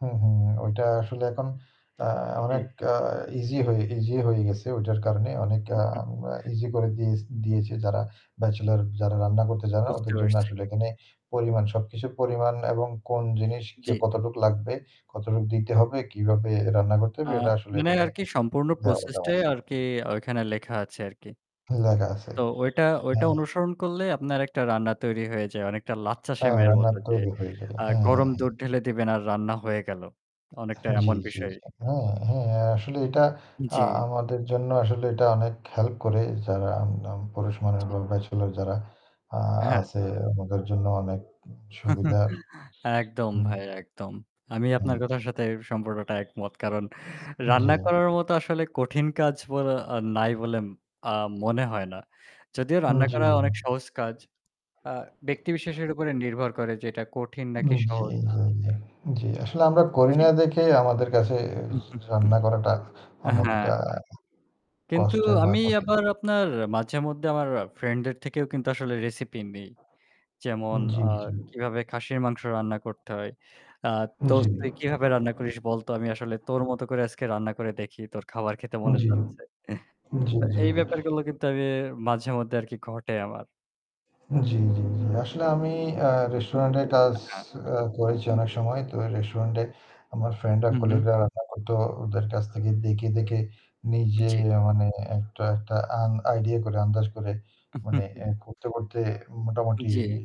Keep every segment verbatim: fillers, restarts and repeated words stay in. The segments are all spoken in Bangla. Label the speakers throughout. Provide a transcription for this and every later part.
Speaker 1: হুম, হুম, হুম, ওইটা আসলে এখন আ
Speaker 2: জি।
Speaker 1: অনেক আ ইজি হয়ে ইজি হয়ে গেছে ওইটার কারণে অনেক আ ইজি করে দিয়েছ দিয়েছে যারা ব্যাচেলর যারা রান্না করতে জানে না
Speaker 2: বুঝতে
Speaker 1: ওদের জন্য
Speaker 2: পারছি।
Speaker 1: আসলে এখানে পরিমাণ সবকিছু পরিমাণ এবং কোন জিনিস কে,
Speaker 2: জি।
Speaker 1: কতটুকু লাগবে? কতটুক দিতে হবে? কীভাবে রান্না করতে
Speaker 2: আ
Speaker 1: হবে? এটা আসলে
Speaker 2: মানে
Speaker 1: এখানে
Speaker 2: আরকি সম্পূর্ণ
Speaker 1: দেওয়ালে
Speaker 2: প্রসেস
Speaker 1: দেওয়া
Speaker 2: টাই
Speaker 1: আছে।
Speaker 2: আরকি ওখানে লেখা আছে আরকি।
Speaker 1: লেখা আছে,
Speaker 2: তো ওইটা ওইটা
Speaker 1: হ্যাঁ।
Speaker 2: অনুসরণ করলে আপনার একটা রান্না তৈরি হয়ে যায় অনেকটা লাচ্ছা
Speaker 1: হ্যাঁ
Speaker 2: সেমআইয়ের মত
Speaker 1: রান্নার
Speaker 2: যে
Speaker 1: তৈরী হয়ে যায়,
Speaker 2: আ
Speaker 1: হ্যাঁ, হ্যাঁ,
Speaker 2: গরম
Speaker 1: হ্যাঁ।
Speaker 2: দুধ ঢেলে দিবেন আর রান্না হয়ে গেল, অনেকটা
Speaker 1: জ্বী,
Speaker 2: এমন
Speaker 1: জ্বী।
Speaker 2: বিষয়।
Speaker 1: হ্যাঁ, হ্যাঁ, আর আসলে এটা আ
Speaker 2: জ্বী।
Speaker 1: আমাদের জন্য আসলে এটা অনেক হেল্প করে যারা আম-নাম পুরুষ মানুষ
Speaker 2: ঠিক।
Speaker 1: বা ব্যাচেলর যারা আ
Speaker 2: হ্যাঁ।
Speaker 1: আছে আমাদের জন্য অনেক সুবিধার
Speaker 2: একদম
Speaker 1: হুম।
Speaker 2: ভাই একদম। আমি
Speaker 1: হুম।
Speaker 2: আপনার কথার সাথে সম্পর্কটা একমত। কারণ
Speaker 1: জ্বী।
Speaker 2: রান্না করার মতো আসলে কঠিন কাজ বলে নাই বলে আম মনে হয় না। যদিও
Speaker 1: হু,
Speaker 2: রান্না
Speaker 1: জী।
Speaker 2: করা অনেক সহজ কাজ। আ ব্যক্তি বিশেষের উপরে নির্ভর করে যে এটা কঠিন নাকি
Speaker 1: উম জ্বী,
Speaker 2: সহজ?
Speaker 1: জ্বী, জ্বী। আসলে আমরা করি না
Speaker 2: জী।
Speaker 1: দেখে আমাদের কাছে য রান্না করাটা
Speaker 2: অ্যাঁ
Speaker 1: অনেকটা
Speaker 2: হ্যাঁ। কিন্তু
Speaker 1: কষ্টের বা
Speaker 2: আমি
Speaker 1: কঠিন।
Speaker 2: আবার আপনার মাঝেমধ্যে আমার ফ্রেন্ডের থেকেও কিন্তু আসলে রেসিপি নেই। যেমন
Speaker 1: জ্বী,
Speaker 2: আ
Speaker 1: জ্বী।
Speaker 2: কিভাবে খাসির মাংস রান্না করতে হয়। আ
Speaker 1: জ্বি।
Speaker 2: দোস্ত তুই কিভাবে রান্না করিস বলতো? আমি আসলে তোর মত করে আজকে রান্না করে দেখি, তোর খাবার খেতে মনে
Speaker 1: জ্বী
Speaker 2: যাচ্ছে।
Speaker 1: জ্বী, জ্বী,
Speaker 2: তো এই
Speaker 1: জ্বী।
Speaker 2: ব্যাপারগুলো কিন্তু আমি মাঝেমধ্যে আরকি ঘটে আমার।
Speaker 1: জ্বি, জ্বি, জ্বি। আসলে আমি আ রেস্টুরেন্টে কাজ
Speaker 2: হ্যাঁ।
Speaker 1: আ করেছি অনেক সময়, তো রেস্টুরেন্টে আমার ফ্রেন্ডরা,
Speaker 2: হু, হু।
Speaker 1: কলিগরা রান্না করত। ওদের কাছ থেকে দেখে, দেখে নিজে
Speaker 2: জ্বী।
Speaker 1: মানে একটা একটা আন idea করে আন্দাজ করে মানে এ করতে, করতে মোটামুটি
Speaker 2: জি।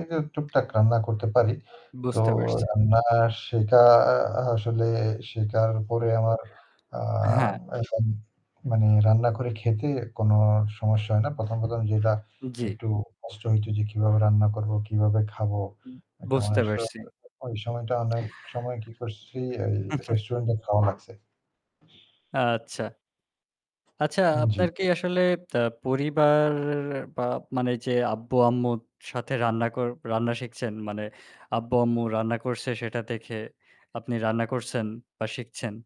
Speaker 1: এইতো টুকটাক রান্না করতে পারি। তো
Speaker 2: বুঝতে পারছি।
Speaker 1: রান্না শেখা আসলে শেখার পরে আমার আ
Speaker 2: হ্যাঁ।
Speaker 1: এখন মানে রান্না করে খেতে কোন সমস্যা হয় না। প্রথম, প্রথম যেটা
Speaker 2: জ্বী।
Speaker 1: একটু কষ্ট হইত যে কীভাবে রান্না করবো, কিভাবে খাবো?
Speaker 2: উ
Speaker 1: এটা
Speaker 2: বুঝতে পারছি।
Speaker 1: [unintelligible] ওই সময়টা অনেক সময় কি করছি এ রেস্টুরেন্টে খাওয়া লাগছে।
Speaker 2: আচ্ছা। আচ্ছা
Speaker 1: হুম,
Speaker 2: আপনার
Speaker 1: জ্বী।
Speaker 2: কি আসলে আ পরিবার বা মানে যে আব্বু-আম্মুর সাথে রান্না কর রান্না শিখছেন মানে আব্বু-আম্মু রান্না করছে সেটা দেখে আপনি রান্না করছেন বা শিখছেন?